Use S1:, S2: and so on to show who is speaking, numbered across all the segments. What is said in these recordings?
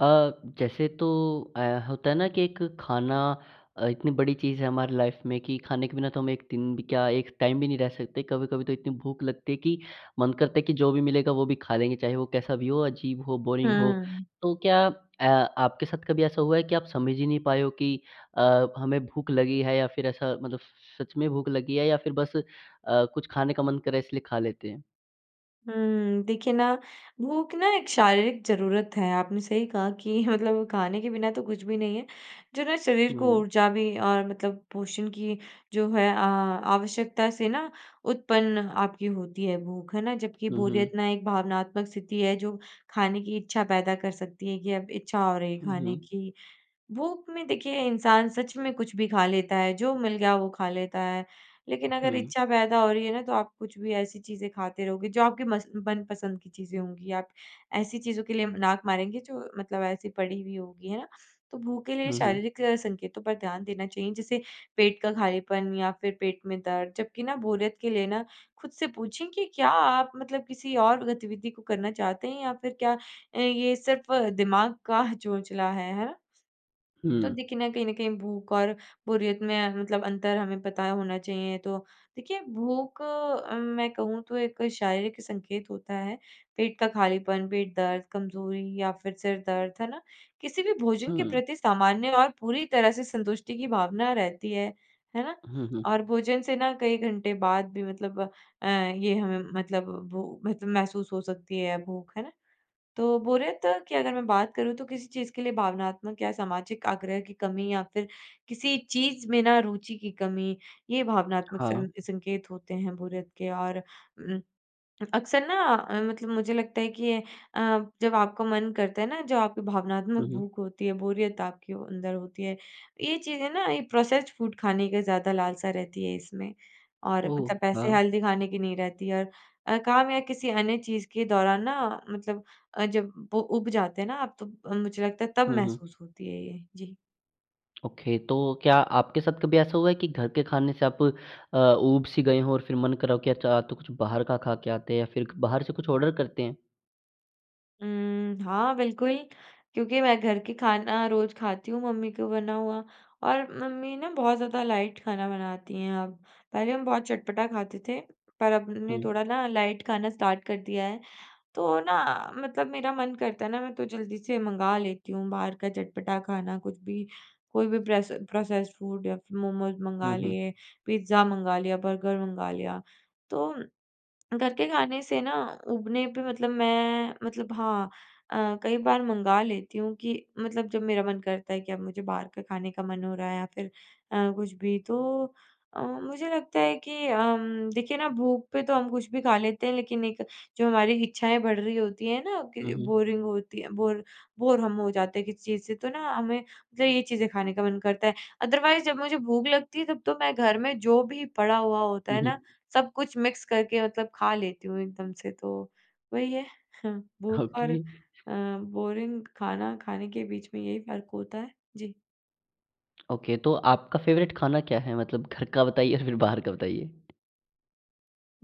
S1: अ, जैसे तो अ, होता है ना कि एक खाना अ, इतनी बड़ी चीज़ है हमारी लाइफ में कि खाने के बिना तो हम 1 दिन भी क्या, 1 टाइम भी नहीं रह सकते। कभी-कभी तो इतनी भूख लगती है कि मन करता है कि जो भी मिलेगा वो भी खा लेंगे, चाहे वो कैसा भी हो, अजीब हो, बोरिंग हो।
S2: हुँ।
S1: तो क्या अ, आपके साथ कभी ऐसा हुआ है कि आप समझ ही नहीं पाए हो कि अ, हमें भूख लगी है, या फिर ऐसा मतलब स स सच में भूख लगी है या फिर बस अ, कुछ खाने का मन कर रहा, इसलिए खा लेते हैं?
S2: हुँ, देखिए ना, भूख ना एक शारीरिक ज़रूरत है। आपने सही कहा कि मतलब खाने के बिना तो कुछ भी नहीं है, जो ना शरीर को
S1: हुँ।
S2: ऊर्जा भी और मतलब पोषण की जो है अ, आवश्यकता से ना उत्पन्न आपकी होती है भूख, है ना। जबकि
S1: हुँ,
S2: बोरियत
S1: हुँ।
S2: ना एक भावनात्मक स्थिति है, जो खाने की इच्छा पैदा कर सकती है, कि अब इच्छा हो रही
S1: हुँ,
S2: खाने
S1: हुँ।
S2: की। भूख में देखिए इंसान सच में कुछ भी खा लेता है, जो मिल गया वो खा लेता है।
S1: अ,
S2: लेकिन अगर
S1: हुँ।
S2: इच्छा पैदा हो रही है ना, तो आप कुछ भी ऐसी चीज़ें खाते रहोगे जो आपके मस मनपसंद की चीज़ें होंगी, आप ऐसी चीज़ों के लिए अम, नाक मारेंगे जो मतलब ऐसी पड़ी हुई होगी, है ना। तो भूख के लिए
S1: हुँ, हुँ।
S2: शारीरिक अ, संकेतों पर ध्यान देना चाहिए जैसे पेट का खालीपन या फिर पेट में दर्द। जबकि ना बोरियत के लिए ना, खुद से पूछें कि क्या आप मतलब किसी और गतिविधि को करना चाहते हैं या फिर क्या अ, ये सिर्फ दिमाग का चोचला है, है ना? तो
S1: हुँ।
S2: देखिए ना, कहीं न कहीं भूख और बोरियत में मतलब अंतर हमें पता होना चाहिए। तो देखिए, भूख अ, मैं कहूँ तो एक शारीरिक संकेत होता है, पेट का खालीपन, पेट दर्द, कमज़ोरी या फिर सिर दर्द, है ना। किसी भी भोजन के
S1: हुँ।
S2: प्रति सामान्य और पूरी तरह से संतुष्टि की भावना रहती है, है ना।
S1: हुँ,
S2: और
S1: हुँ।
S2: भोजन से ना कई घंटे बाद भी मतलब अ, ये हमें मतलब भू मतलब महसूस हो सकती है भूख, है ना। तो बोरियत की अगर मैं बात करूँ, तो किसी चीज़ के लिए भावनात्मक या सामाजिक आग्रह की कमी या फिर किसी चीज़ में ना रुचि की कमी, ये भावनात्मक
S1: हाँ।
S2: सं संकेत होते हैं बोरियत के। और उम, अक्सर ना अ, मतलब मुझे लगता है कि अ, जब आपका मन करता है ना, जो आपकी भावनात्मक
S1: हुँ, हुँ।
S2: भूख होती है, बोरियत आपके वो अंदर होती है, ये चीज़ें ना ये प्रोसेस्ड फूड खाने का ज़्यादा लालसा रहती है इसमें, और मतलब
S1: ओह!
S2: ऐसे
S1: हाँ।
S2: हेल्दी खाने की नहीं रहती है। और अ, काम या किसी अन्य चीज़ के दौरान ना मतलब अ, जब वो ऊब जाते हैं ना आप तो अ, मुझे लगता है तब
S1: हुँ, हुँ।
S2: महसूस होती है ये। जी।
S1: ओके। तो क्या आपके साथ कभी ऐसा हुआ है कि घर के खाने से आप अ, ऊब-सी गए हों, और फिर मन करा हो कि अच्छा, आज तो कुछ बाहर का खा के आते या फिर बाहर से कुछ ऑर्डर करते हैं?
S2: उम, हाँ, बिल्कुल, क्योंकि मैं घर के खाना रोज़ खाती हूँ मम्मी का बना हुआ, और मम्मी ना बहुत ज़्यादा लाइट खाना बनाती हैं अब। पहले हम बहुत चटपटा खाते थे, पर अब न ने
S1: हुँ।
S2: थोड़ा ना लाइट खाना स्टार्ट कर दिया है। तो ना मतलब मेरा मन करता है ना, मैं तो जल्दी से मँगा लेती हूँ बाहर का चटपटा खाना कुछ भी, कोई भी प्रेस प्रोसेस्ड फूड या फिर मोमोज़ मँगा
S1: हुँ, हुँ।
S2: लिए, पिज़्ज़ा मँगा लिया, बर्गर मँगा लिया। तो घर के खाने से ना ऊबने पे मतलब मैं, मतलब हाँ अ, कई बार मँगा लेती हूँ कि मतलब जब मेरा मन करता है कि अब मुझे बाहर का खाने का मन हो रहा है या फिर अ, कुछ भी। तो अ, मुझे लगता है कि अम, देखिए ना, भूख पे तो हम कुछ भी खा लेते हैं, लेकिन एक जो हमारी इच्छाएँ बढ़ रही होती हैं ना
S1: हुँ,
S2: कि
S1: हुँ।
S2: बोरिंग होती है बोर, बोर हम हो जाते हैं किसी चीज़ से, तो ना हमें फिर ये चीज़ें खाने का मन करता है। अदरवाइज़ जब मुझे भूख लगती है, तब तो मैं घर में जो भी पड़ा हुआ होता
S1: हुँ,
S2: है ना,
S1: हुँ।
S2: सब कुछ मिक्स करके मतलब खा लेती हूँ एकदम से। तो वही है, भूख और
S1: ओके।
S2: अ, बोरिंग खाना खाने के बीच में यही फ़र्क होता है। जी।
S1: ओके तो आपका फेवरेट खाना क्या है? मतलब घर का बताइए या फिर बाहर का बताइए।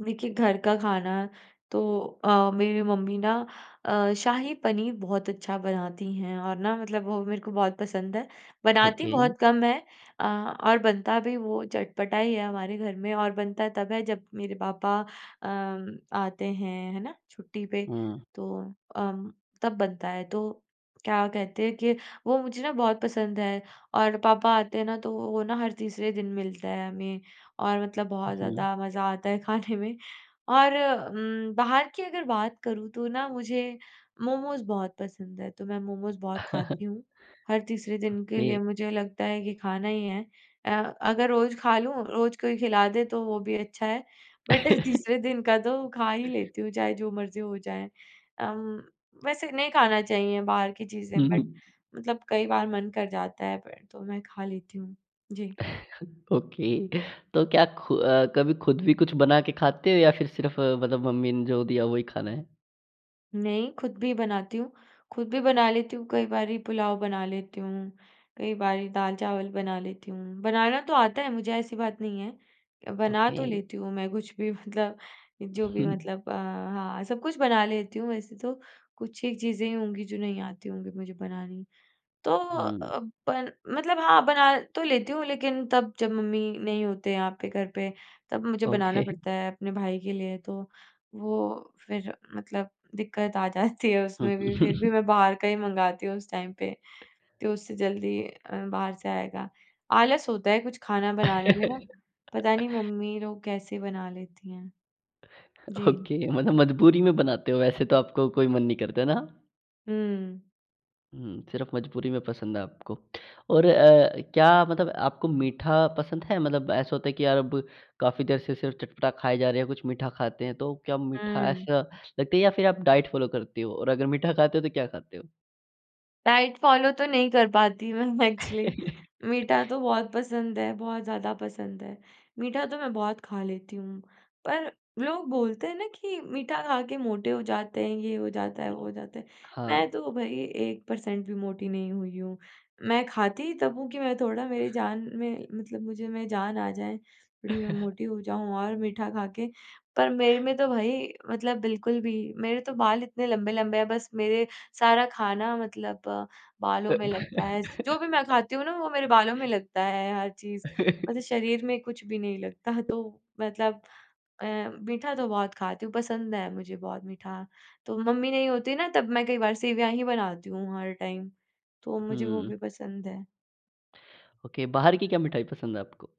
S2: देखिए घर का खाना तो अ, मेरी मम्मी ना अ, शाही पनीर बहुत अच्छा बनाती हैं और ना मतलब वो मेरे को बहुत पसंद है। बनाती
S1: ओके।
S2: बहुत कम हैं, अ, और बनता भी वो चटपटा ही है हमारे घर में और बनता तब है जब मेरे पापा अ, आते हैं है ना? छुट्टी पे,
S1: हुँ।
S2: तो अम, तब बनता है। तो क्या कहते हैं कि वो मुझे ना बहुत पसंद है और पापा आते हैं ना तो वो वो ना हर तीसरे दिन मिलता है हमें। और मतलब
S1: हुँ,
S2: बहुत
S1: हुँ।
S2: ज़्यादा मज़ा आता है खाने में। और उम, बाहर की अगर बात करूँ तो ना मुझे, मोमोज़ बहुत पसंद है तो मैं मोमोज़ बहुत खाती हूँ। हर तीसरे दिन के
S1: ओके।
S2: लिए मुझे लगता है कि खाना ही है। अ, अगर रोज़ खा लूँ रोज़ कोई खिला दे तो वो भी अच्छा है बट तीसरे दिन का तो खा ही लेती हूँ चाहे जो मर्ज़ी हो जाए। अम, वैसे नहीं खाना चाहिए बाहर की चीज़ें
S1: हुँ,
S2: बट
S1: हुँ।
S2: मतलब कई बार मन कर जाता है, प तो मैं खा लेती हूँ। जी।
S1: ओके तो क्या खु अ, कभी खुद भी कुछ बना के खाते हैं या फिर सिर्फ़ मतलब मम्मी ने जो दिया वही खाना है?
S2: नहीं, खुद भी बनाती हूँ। खुद भी बना लेती हूँ, कई बारी पुलाव बना लेती हूँ, कई बारी दाल-चावल बना लेती हूँ, बनाना तो आता है मुझे ऐसी बात नहीं है, बना तो
S1: ओके।
S2: लेती हूँ मैं कुछ भी मतलब
S1: उ,
S2: जो भी
S1: हुँ।
S2: मतलब अ हाँ, सब कुछ बना लेती हूँ वैसे तो, कुछ ही चीज़ें होंगी जो नहीं आती होंगी मुझे बनानी। तो
S1: हुँ।
S2: अ, पल मतलब हाँ, बना तो लेती हूँ लेकिन तब जब मम्मी नहीं होते यहाँ पे घर पे तब मुझे बनाना
S1: ओके।
S2: पड़ता है अपने भाई के लिए, तो वो फिर मतलब दिक्कत आ जाती है
S1: हुँ।
S2: उसमें भी, फिर भी मैं बाहर का ही मँगाती हूँ उस टाइम पे, तो उससे जल्दी अ, बाहर से आएगा। आलस होता है कुछ खाना बनाने में ना, पता नहीं मम्मी लोग कैसे बना लेती हैं। जी।
S1: ओके, मतलब मजबूरी में बनाते हो, वैसे तो आपको कोई मन नहीं करता ना?
S2: हुँ।
S1: हुँ, सिर्फ़ मजबूरी में पसंद है आपको और अ, क्या मतलब आपको मीठा पसंद है मतलब ऐसा होता है कि यार अब काफ़ी देर से सिर्फ़ चटपटा खाए जा रहें हैं, कुछ मीठा खाते हैं। तो क्या मीठा
S2: हुँ।
S1: ऐसा लगता है या फिर आप डाइट फ़ॉलो करते हो और अगर मीठा खाते हो तो क्या खाते हो?
S2: डाइट फॉलो तो नहीं कर पाती मैं एक्चुअली। मीठा तो बहुत पसंद है, बहुत ज़्यादा पसंद है। मीठा तो मैं बहुत खा लेती हूँ पर लोग बोलते हैं ना कि मीठा खा के मोटे हो जाते हैं, ये हो जाता है, वो
S1: उम,
S2: हो जाता है, मैं
S1: हाँ।
S2: तो भई 1% भी मोटी नहीं हुई हूँ। मैं खाती ही तब हूँ कि मैं थोड़ा मेरी जान में मतलब मुझे में जान आ जाए थोड़ी मैं मोटी हो जाऊँ और मीठा खा के। पर मेरे में तो भई मतलब बिल्कुल भी मेरे तो बाल इतने लंबे-लंबे हैं बस मेरे सारा खाना मतलब बालों में लगता है। स जो भी मैं खाती हूँ ना वो मेरे बालों में लगता है हर चीज़, मतलब शरीर में कुछ भी नहीं लगता। तो मतलब अ, मीठा तो बहुत खाती हूँ, पसंद है मुझे बहुत मीठा। तो मम्मी नहीं होती ना तब मैं कई बार सेवइयाँ ही बनाती हूँ हर टाइम। तो मुझे वो
S1: हुँ।
S2: भी पसंद है।
S1: ओके, बाहर की क्या मिठाई पसंद है आपको?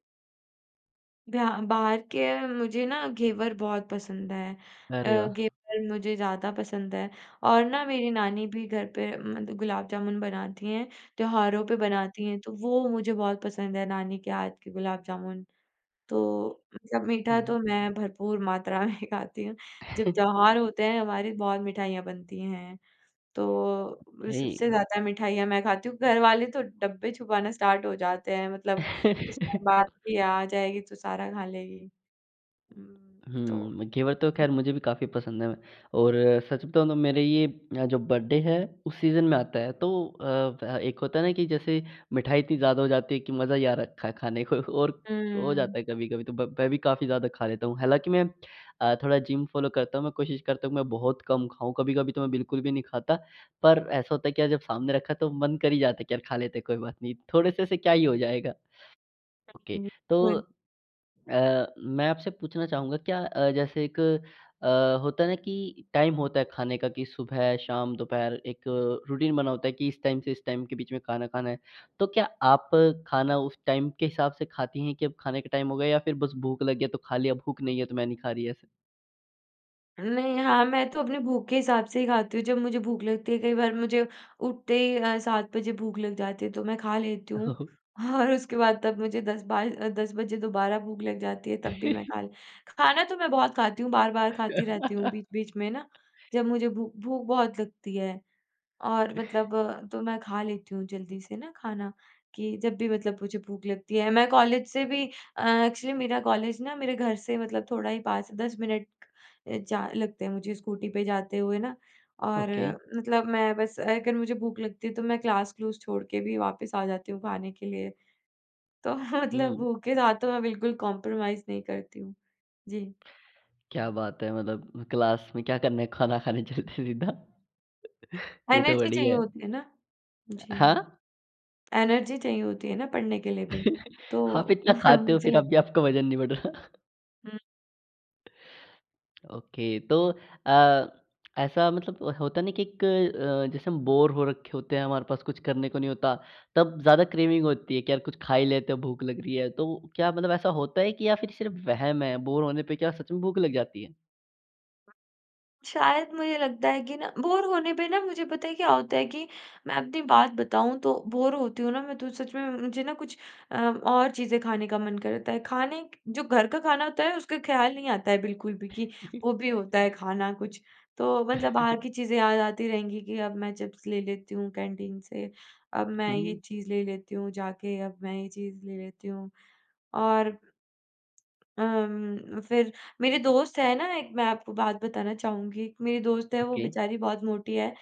S2: ध्या बाहर के मुझे ना घेवर बहुत पसंद है।
S1: अरे
S2: अ,
S1: वाह!
S2: घेवर मुझे ज़्यादा पसंद है और ना मेरी नानी भी घर पे मतलब गुलाब जामुन बनाती हैं, त्योहारों पे बनाती हैं तो वो मुझे बहुत पसंद है नानी के हाथ के गुलाब जामुन। तो मतलब मीठा
S1: हुँ, हुँ।
S2: तो मैं भरपूर मात्रा में खाती हूँ। जब त्योहार होते हैं हमारी बहुत मिठाइयाँ बनती हैं तो
S1: हेय।
S2: सबसे ज़्यादा मिठाइयाँ मैं खाती हूँ। घर वाले तो डब्बे छुपाना स्टार्ट हो जाते हैं। मतलब उसपे बात की आ जाएगी तो सारा खा लेगी। हुँ, तो
S1: हुँ, घेवर तो
S2: जी।
S1: खैर मुझे भी काफ़ी पसंद है। मैं और सच बताऊँ तो मेरे ये अ, जो बर्थडे है उस सीज़न में आता है तो अ, एक होता है ना कि जैसे मिठाई इतनी ज़्यादा हो जाती है कि मज़ा ही आ रखा है खाने को और हो
S2: हुँ।
S1: जाता है कभी-कभी तो ब मैं भी काफ़ी ज़्यादा खा लेता हूँ। हालाँकि मैं अ, थोड़ा जिम फॉलो करता हूँ मैं कोशिश करता हूँ कि मैं बहुत कम खाऊँ। कभी-कभी तो मैं बिल्कुल भी नहीं खाता पर ऐसा होता है कि यार जब सामने रखा है तो मन कर ही जाता है कि यार खा लेते हैं कोई बात नहीं, थोड़े-से से क्या ही हो जाएगा। ओके तो
S2: बिल्कुल।
S1: अ, मैं आपसे पूछना चाहूँगा क्या अ, जैसे एक अ, होता है ना कि टाइम होता है खाने का कि सुबह, शाम, दोपहर एक रूटीन बना होता है कि इस टाइम से इस टाइम के बीच में खाना खाना है। तो क्या आप खाना उस टाइम के हिसाब से खाती हैं कि अब खाने का टाइम हो गया? या फिर बस भूख लग गया तो खा लिया, भूख नहीं है तो मैं नहीं खा रही, ऐसा?
S2: नहीं। हाँ, मैं तो अपनी भूख के हिसाब से ही खाती हूँ जब मुझे भूख लगती है, कई बार मुझे उठते ही अ, 7 बजे भूख लग जाती है तो मैं खा लेती हूँ और उसके बाद तब मुझे 10 बाय 10 बजे दोबारा भूख लग जाती है तब भी मैं खा ले खाना तो मैं बहुत खाती हूँ, बार-बार खाती रहती हूँ, बीच-बीच में ना जब मुझे भूख भूख बहुत लगती है और मतलब तो मैं खा लेती हूँ जल्दी से ना खाना कि जब भी मतलब मुझे भूख लगती है। मैं कॉलेज से भी अ, एक्चुअली मेरा कॉलेज ना मेरे घर से मतलब थोड़ा ही 5-10 मिनट अ, जा लगते हैं मुझे स्कूटी पे जाते हुए ना और
S1: ओके।
S2: मतलब मैं बस अगर मुझे भूख लगती है तो मैं क्लास क्लूस छोड़ के भी वापस आ जाती हूँ खाने के लिए, तो मतलब
S1: हुँ।
S2: भूख के साथ तो मैं बिल्कुल कॉम्प्रोमाइज़ नहीं करती हूँ। जी।
S1: क्या बात है। मतलब क्लास में क्या करना है खाना खाने चलते हैं सीधा। ये तो
S2: एनर्जी चाहिए
S1: बढ़िया है।
S2: होती है ना, जी।
S1: हाँ।
S2: एनर्जी चाहिए होती है ना पढ़ने के लिए भी,
S1: आप
S2: तो
S1: इतना खाते हो
S2: मुझे
S1: फिर
S2: लग
S1: अब भी आपका वजन नहीं बढ़ रहा।
S2: हुँ।
S1: ओके। तो अ, ऐसा मतलब होता न कि इक अ, जैसे हम बोरे हो रखे होते हैं, हमारे पास कुछ करने को नहीं होता, तब ज़्यादा क्रेविंग होती है कि यार कुछ खा ही लेते हैं भूख लग री है, तो क्या मतलब ऐसा होता है कि या फिर सिर्फ़ वहम है, बोरे होने पे क्या सच में भूख लग जाती है?
S2: शायद मुझे लगता है कि ना बोर होने पे ना मुझे पता है क्या होता है कि मैं अपनी बात बताऊँ तो बोर होती हूँ ना मैं तो सच में म मुझे ना कुछ अ, और चीज़ें खाने का मन करता है, खाने क जो घर का खाना होता है, उसका ख्याल नहीं आता है बिल्कुल भी कि वो भी होता है खाना कुछ। तो मतलब बाहर की चीज़ें याद आती रहेंगी कि अब मैं चिप्स ले लेती हूँ कैंटीन से, अब मैं ये
S1: हुँ।
S2: चीज़ ले लेती हूँ जाके, अब मैं ये चीज़ ले लेती हूँ। और अम्म, फिर मेरे दोस्त हैं ना एक मैं आपको बात बताना चाहूँगी, एक मेरी दोस्त है वो
S1: ओके।
S2: बेचारी बहुत मोटी है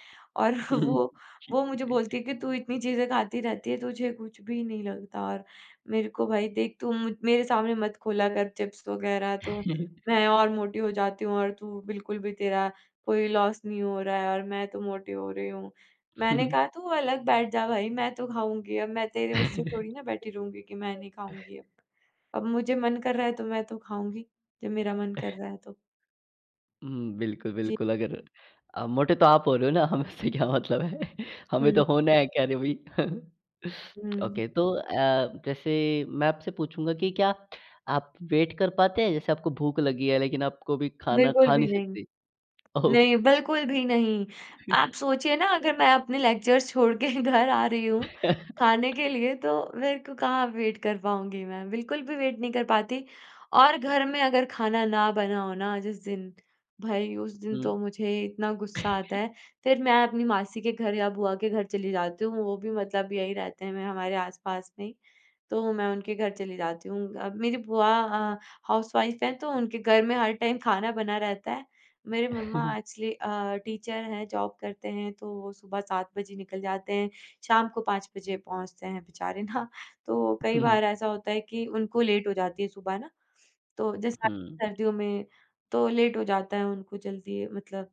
S2: और वो
S1: ठीक है।
S2: वो मुझे बोलती है कि तू इतनी चीज़ें खाती रहती है तुझे कुछ भी नहीं लगता और मेरे को भाई देख तू मु मेरे सामने मत खोला कर चिप्स वगैरह, तो मैं और मोटी हो जाती हूँ और तू बिल्कुल भी तेरा कोई लॉस नहीं हो रहा है और मैं तो मोटी हो रही हूँ। मैंने कहा तू अलग बैठ जा भाई, मैं तो खाऊँगी अब मैं तेरे उससे थोड़ी ना बैठी रहूँगी कि मैं नहीं खाऊँगी अब, अब मुझे मन कर रहा है तो मैं तो खाऊँगी, जब मेरा मन कर रहा है तो।
S1: हुँ, बिल्कुल,
S2: जी।
S1: बिल्कुल, अगर अ, मोटे तो आप हो रहे हो ना हम से क्या मतलब है? हमें
S2: हुँ।
S1: तो होना है खैर अभी।
S2: हुँ।
S1: ओके तो अ, जैसे मैं आपसे पूछूँगा कि क्या आप वेट कर पाते हैं, जैसे आपको भूख लगी है लेकिन आपको अभी खाना
S2: बिल्कुल
S1: खा
S2: भी
S1: नहीं
S2: नहीं,
S1: सकते? ओह!
S2: नहीं बिल्कुल भी नहीं। आप सोचिए ना अगर मैं अपने लेक्चरर्स छोड़ के घर आ रही हूँ, खाने के लिए तो मेरे को कहाँ वेट कर पाऊँगी मैं, बिल्कुल भी वेट नहीं कर पाती। और घर में अगर खाना ना बना हो ना जिस दिन, भई उस दिन
S1: हुँ।
S2: तो मुझे इतना गुस्सा आता है, फिर मैं अपनी मासी के घर या बुआ के घर चली जाती हूँ, वो भी मतलब यही रहते हैं, मैं हमारे आस-पास में ही, तो मैं उनके घर चली जाती हूँ। अ, मेरी बुआ अ, हाउसवाइफ़ हैं तो उनके घर में हर टाइम खाना बना रहता है, मेरे मम्मा एक्चुअली अ, टीचर हैं, जॉब करते हैं तो वो सुबह 7 बजे निकल जाते हैं, शाम को 5 बजे पहुँचते हैं बेचारे ना, तो कई बार ऐसा होता है कि उनको लेट हो जाती है सुबह ना, तो जैसे आ
S1: हुँ।
S2: सर्दियों में तो लेट हो जाता है उनको जल्दी मतलब,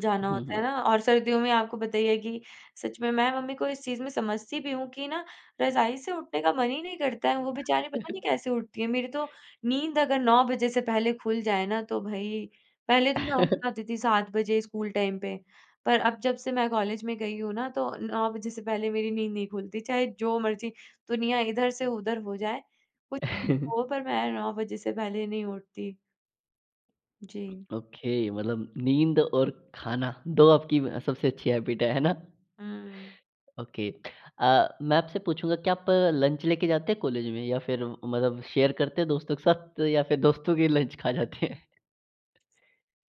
S2: जाना
S1: हुँ,
S2: होता
S1: हुँ।
S2: है ना। और सर्दियों में आपको पता ही है कि सच में मैं मम्मी को इस चीज़ में समझती भी हूँ कि ना रज़ाई से उठने का मन ही नहीं करता है, वो बेचारी पता नहीं कैसे उठती हैं? मेरी तो नींद अगर 9 बजे से पहले खुल जाए ना, तो भई पहले तो मैं उठ जाती थी 7 बजे स्कूल टाइम पे, पर अब जब से मैं कॉलेज में गई हूँ ना, तो 9 बजे से पहले मेरी नींद नहीं खुलती, चाहे जो मर्ज़ी दुनिया इधर से उधर हो जाए, कुछ भी हो पर मैं 9 बजे से पहले नहीं उठती। जी।
S1: ओके, मतलब नींद और खाना दो आपकी अ, सबसे अच्छी हैबिट हैं, है ना?
S2: हुँ।
S1: ओके अ, मैं आपसे पूछूँगा क्या आप लंच लेके जाते हैं कॉलेज में या फिर म मतलब शेयर करते हैं दोस्तों के साथ या फिर दोस्तों के लंच खा जाते हैं?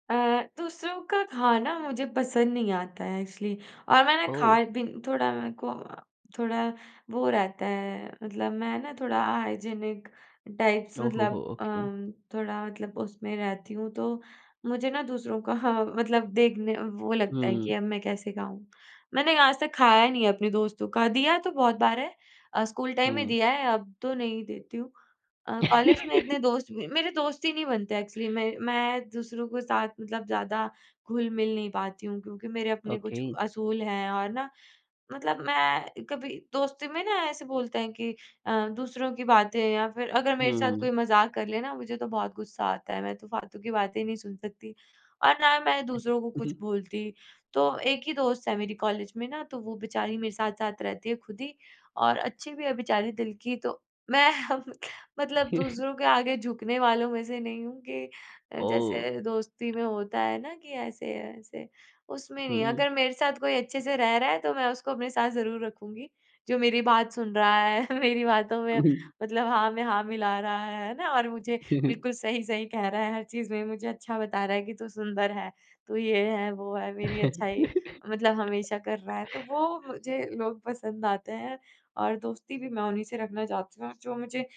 S2: अ, दूसरों का खाना मुझे पसंद नहीं आता है एक्चुअली और मैंने
S1: ओह!
S2: खाए भी थोड़ा मेरे को अ, थोड़ा वो रहता है मतलब मैं ना थोड़ा हाइजीनिक टाइप्स
S1: ओह हो हो,
S2: मतलब
S1: ओके।
S2: अम, थोड़ा मतलब उसमें रहती हूँ, तो मुझे ना दूसरों का हाँ, मतलब देखने वो लगता है
S1: हुँ।
S2: कि अब मैं कैसे खाऊँ? मैंने आज तक खाया ही नहीं है अपने दोस्तों का, दिया तो बहुत बार है, अ, स्कूल टाइम में
S1: हुँ।
S2: दिया है अब तो नहीं देती हूँ। अ, कॉलेज में इतने दोस्त म मेरे दोस्त ही नहीं बनते एक्चुअली मैं मैं दूसरों के साथ मतलब ज़्यादा घुल-मिल नहीं पाती हूँ क्योंकि मेरे अपने कुछ
S1: ओके।
S2: असूल हैं और ना मतलब मैं कभी दोस्ती में ना ऐसे बोलते हैं कि अ, दूसरों की बातें या फिर अगर मेरे साथ कोई
S1: हुँ।
S2: मज़ाक कर ले ना मुझे तो बहुत गुस्सा आता है, मैं तो फालतू की बातें नहीं सुन सकती और ना मैं
S1: उ,
S2: दूसरों को कुछ
S1: हुँ।
S2: बोलती। तो एक ही दोस्त है मेरी कॉलेज में ना तो वो बेचारी मेरे साथ-साथ रहती है खुद ही और अच्छी भी है बेचारी दिल की तो मैं मतलब दूसरों के आगे झुकने वालों में से नहीं हूँ कि अ,
S1: ओह!
S2: जैसे दोस्ती में होता है ना कि ऐसे-ऐसे उसमें नहीं है,
S1: हुँ।
S2: अगर मेरे साथ कोई अच्छे से रह रहा है तो मैं उसको अपने साथ ज़रूर रखूँगी, जो मेरी बात सुन रहा है, मेरी बातों
S1: हुँ,
S2: में
S1: हुँ।
S2: मतलब हाँ मैं हाँ मिला रहा है, है ना? और मुझे
S1: हुँ, हुँ।
S2: बिल्कुल सही-सही कह रहा है, हर चीज़ में मुझे अच्छा बता रहा है कि तू सुंदर है, तू ये है, वो है, मेरी अच्छाई मतलब हमेशा कर रहा है, तो वो मुझे लोग पसंद आते हैं और दोस्ती भी मैं उन्हीं से रखना चाहती हूँ जो मुझे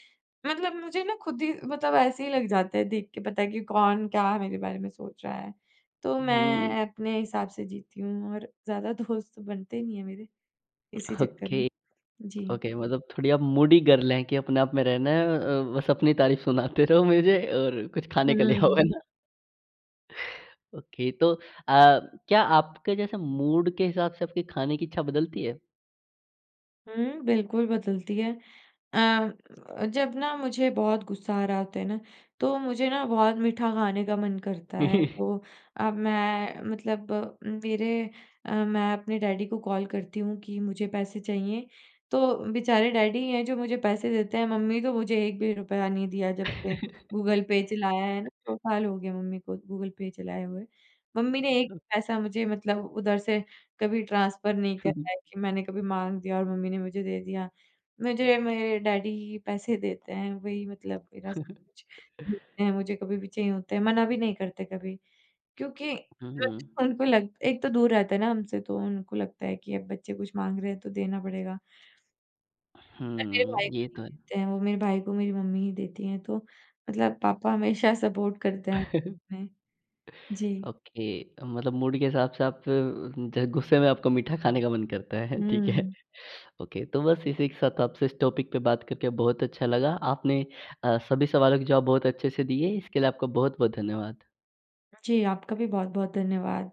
S2: मतलब मुझे ना खुद ही मतलब ऐसे ही लग जाते हैं देख के पता है कि कौन, क्या मेरे बारे में सोच रहा है, तो
S1: हुँ।
S2: मैं अपने हिसाब से जीती हूँ और ज़्यादा दोस्त तो बनते ही नहीं हैं मेरे इसी चक्कर में।
S1: ओके।
S2: जी।
S1: ओके मतलब थोड़ी आप मूडी गर्ल हैं कि अपने आप में रहना है अ, बस अपनी तारीफ़ सुनाते रहो मुझे और कुछ खाने के लिए हो, है
S2: हुँ।
S1: ना? ओके, तो अ, क्या आपके जैसे मूड के हिसाब से आपकी खाने की इच्छा बदलती है?
S2: हुँ, बिल्कुल बदलती है अ, जब ना मुझे बहुत गुस्सा आ रहा होता ना, तो मुझे ना बहुत मीठा खाने का मन करता
S1: हुँ,
S2: है,
S1: हुँ।
S2: तो अब मैं मतलब मेरे अ, मैं अपने डैडी को कॉल करती हूँ कि मुझे पैसे चाहिए, तो बेचारे डैडी हैं जो मुझे पैसे देते हैं, मम्मी तो मुझे 1 भी रुपया नहीं दिया जब से गूगल पे चलाया है ना, 2 साल हो गए मम्मी को गूगल पे चलाए हुए। मम्मी ने 1 पैसा मुझे मतलब उधर से कभी ट्रांसफर नहीं
S1: हुँ, हुँ।
S2: करा है कि मैंने कभी माँग दिया और मम्मी ने मुझे दे दिया। मुझे मेरे डैडी ही पैसे देते हैं, वही मतलब मेरा सब कुछ देते है मुझे कभी भी चाहिए होता हैं, मना भी नहीं करते कभी क्योंकि
S1: हुँ, हुँ।
S2: उनको लगता एक तो दूर रहते है ना हमसे, तो उनको लगता है कि अब बच्चे कुछ माँग रहे हैं तो देना पड़ेगा। पर मेरे भाई
S1: हुँ,
S2: को
S1: ये
S2: नहीं
S1: तो है।
S2: देते हैं वो, मेरे भाई को मेरी मम्मी ही देती हैं, तो मतलब पापा हमेशा सपोर्ट करते हैं। हुँ। जी।
S1: ओके, मतलब मूड के हिसाब से आप ज गुस्से में आपको मीठा खाने का मन करता है, ठीक है।
S2: हुँ।
S1: ओके। तो बस इसी के साथ आपसे इस टॉपिक पे बात करके बहुत अच्छा लगा। आपने अ, सभी सवालों के जवाब बहुत अच्छे से दिए, इसके लिए आपको बहुत-बहुत धन्यवाद।
S2: जी, आपका भी बहुत-बहुत धन्यवाद।